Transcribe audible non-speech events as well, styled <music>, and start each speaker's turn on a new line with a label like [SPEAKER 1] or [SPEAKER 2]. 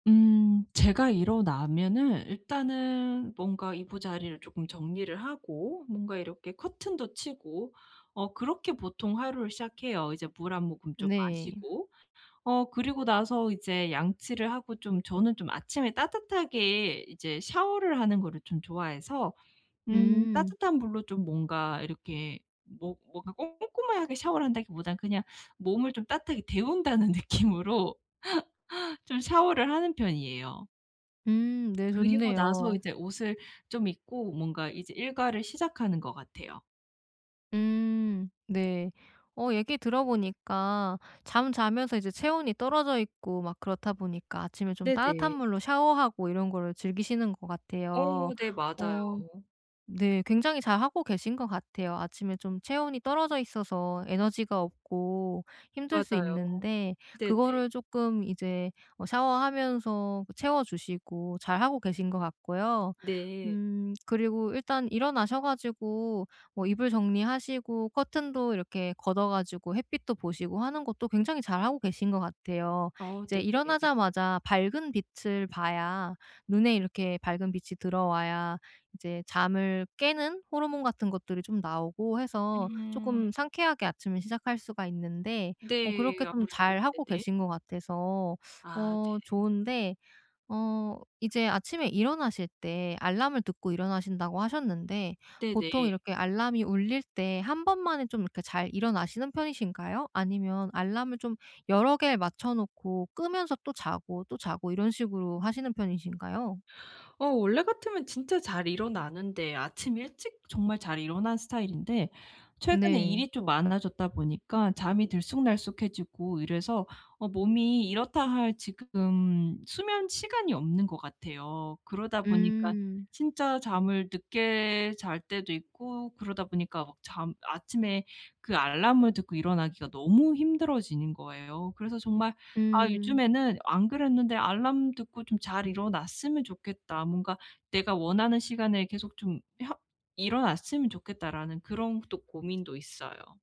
[SPEAKER 1] 음 제가 일어나면은 일단은 뭔가 이부자리를 조금 정리를 하고, 뭔가 이렇게 커튼도 치고 어 그렇게 보통 하루를 시작해요. 이제 물 한 모금 좀
[SPEAKER 2] 네.
[SPEAKER 1] 마시고. 어 그리고 나서 이제 양치를 하고 좀 저는 좀 아침에 따뜻하게 이제 샤워를 하는 거를 좀 좋아해서 음
[SPEAKER 2] 음.
[SPEAKER 1] 따뜻한 물로 좀 뭔가 이렇게 뭐 뭔가 꼼꼼하게 샤워를 한다기보다는 그냥 몸을 좀 따뜻하게 데운다는 느낌으로 <laughs> 좀 샤워를 하는 편이에요.
[SPEAKER 2] 음. 네,
[SPEAKER 1] 그리고 나서
[SPEAKER 2] 좋네요.
[SPEAKER 1] 이제 옷을 좀 입고 뭔가 이제 일과를 시작하는 것 같아요.
[SPEAKER 2] 음, 네. 어 얘기 들어보니까 잠자면서 이제 체온이 떨어져 있고 막 그렇다 보니까 아침에 좀 따뜻한
[SPEAKER 1] 네네.
[SPEAKER 2] 물로 샤워하고 이런 거를 즐기시는 것
[SPEAKER 1] 어
[SPEAKER 2] 같아요.
[SPEAKER 1] 네.
[SPEAKER 2] 어
[SPEAKER 1] 맞아요.
[SPEAKER 2] 네 굉장히 잘하고 계신 것 같아요. 아침에 좀 체온이 떨어져 있어서 에너지가 없고 힘들 수
[SPEAKER 1] 맞아요.
[SPEAKER 2] 있는데
[SPEAKER 1] 네네.
[SPEAKER 2] 그거를 조금 이제 어 샤워하면서 그 채워 주시고 잘 하고 계신 것 같고요.
[SPEAKER 1] 네.
[SPEAKER 2] 음 그리고 일단 일어나셔 가지고 뭐 이불 정리하시고 커튼도 이렇게 걷어 가지고 햇빛도 보시고 하는 것도 굉장히 잘하고 계신 것 같아요.
[SPEAKER 1] 아
[SPEAKER 2] 이제
[SPEAKER 1] 네네.
[SPEAKER 2] 일어나자마자 밝은 빛을 봐야, 눈에 이렇게 밝은 빛이 들어와야 이제 잠을 깨는 호르몬 같은 것들이 좀 나오고 해서
[SPEAKER 1] 음.
[SPEAKER 2] 조금 상쾌하게 아침을 시작할 수가 있는데 뭐
[SPEAKER 1] 네.
[SPEAKER 2] 그렇게 좀
[SPEAKER 1] 아무래도
[SPEAKER 2] 잘하고
[SPEAKER 1] 네네.
[SPEAKER 2] 계신 것 같아서
[SPEAKER 1] 아
[SPEAKER 2] 어
[SPEAKER 1] 네.
[SPEAKER 2] 좋은데 어 이제 아침에 일어나실 때 알람을 듣고 일어나신다고 하셨는데 보통
[SPEAKER 1] 네네.
[SPEAKER 2] 이렇게 알람이 울릴 때 1 번만에 좀 그러니까 잘 일어나시는 편이신가요? 아니면 알람을 좀 여러 개를 맞춰 놓고 끄면서 또 자고, 또 자고 이런 식으로 하시는 편이신가요?
[SPEAKER 1] 어 원래 같으면 진짜 잘 일어나는데 아침 일찍 정말 잘 일어나는 스타일인데 최근에
[SPEAKER 2] 네.
[SPEAKER 1] 일이 좀 많아졌다 보니까 잠이 들쑥날쑥해지고 이래서 어 몸이 이렇다 할 지금 수면 시간이 없는 것 같아요. 그러다 보니까
[SPEAKER 2] 음.
[SPEAKER 1] 진짜 잠을 늦게 잘 때도 있고 그러다 보니까 막 잠 아침에 그 알람을 듣고 일어나기가 너무 힘들어지는 거예요. 그래서 정말 아
[SPEAKER 2] 음.
[SPEAKER 1] 요즘에는 안 그랬는데 '알람 듣고 좀 잘 일어났으면 좋겠다. 뭔가 내가 원하는 시간에 계속 좀 혀 일어났으면 좋겠다.'라는 그런 또 고민도 있어요.